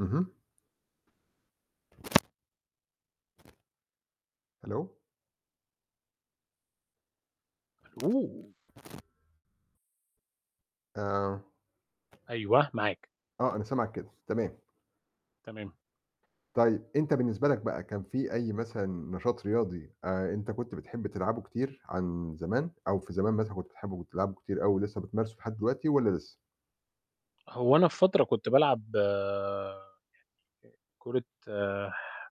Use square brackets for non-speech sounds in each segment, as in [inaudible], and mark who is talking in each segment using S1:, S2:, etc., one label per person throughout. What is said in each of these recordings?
S1: اهم. ألو.
S2: ألو.
S1: آه.
S2: أيوه، معاك.
S1: آه، أنا سامعك كده تمام.
S2: تمام.
S1: طيب أنت بالنسبة لك بقى، كان في أي مثلًا نشاط رياضي، آآ أنت كنت بتحب تلعبه كتير عن زمان، أو في زمان مثلًا كنت بتحبه، وبتلعبه كتير أوي، ولسه بتمارسه لحد دلوقتي والّا لسه؟
S2: هو أنا في فترة كنت بالعب يعني كرة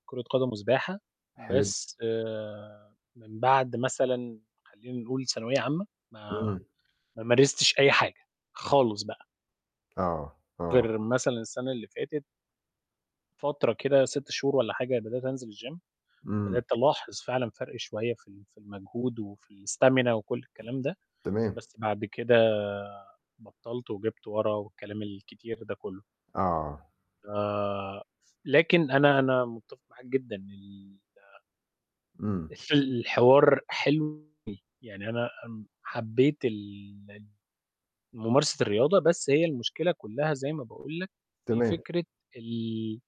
S2: كرة قدم، وسباحة.
S1: حلو.
S2: بس من بَعد مثلًا خلّينا نقول ثانوية عامة، ما
S1: إمم.
S2: ما مارستش أي حاجة، خالص بقى.
S1: آه، آه.
S2: غير مثلًا السَنة اللي فاتت من فترة كده 6 شهور والّا حاجة بدأت أنزل الgym،
S1: إمم.
S2: وبدأت ألاحظ فعلًا فَرق شوية في ال في المجهود، وفي الstamina وكلّ الكلام ده،
S1: تمام.
S2: بس بعد كده بطّلت، وجِبت ورّا، والكلام الكتير ده كلّه.
S1: آه.
S2: ف لكن أنا أنا مُتفق معاك جدًا، [unintelligible]
S1: إمم.
S2: في الحوار حلو أوي ويعني أنا امم حبّيت ال ال ممارسة الرياضة، بس هي المشكلة كلّها زي ما باقول لك، في
S1: تمام.
S2: فكرة ال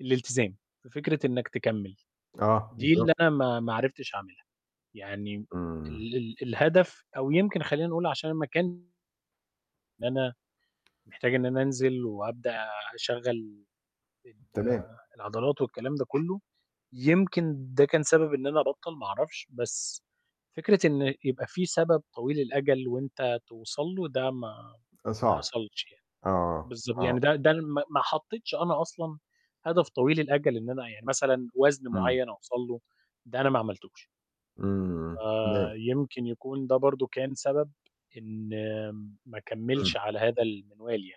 S2: الالتزام، في فكرة إنّك تكمّل،
S1: آه.
S2: دي اللي
S1: بالضبط.
S2: أنا ما ما عرفتش أعملها، يعني
S1: إمم.
S2: ال ال الهدف، أو يمكن خلّينا نقول عشان المكان أنا محتاج إن أنا أنزل وأبدأ أشغّل ال
S1: تمام.
S2: العضلات والكلام ده كلّه، يمكن ده كان سبب إن أنا أبطّل، ما أعرفش. بس فكرة إن يبقى في سبب طويل الأجل، وأنت توصل له، ده ما
S1: أ
S2: ما
S1: صعب.
S2: حصلش. يعني
S1: آه،
S2: بالضب
S1: آه.
S2: يعني ده ده ما ما حطّيتش أنا أصلًا هدف طويل الأجل، إن أنا يعني مثلًا وزن
S1: إمم.
S2: معيّن أوصل له، ده أنا ما عملتوش.
S1: إمم، تمام.
S2: آآ يمكن يكون ده برضه كان سبب، إن ما
S1: إمم.
S2: أكمّلش على هذا المِنوال يعني.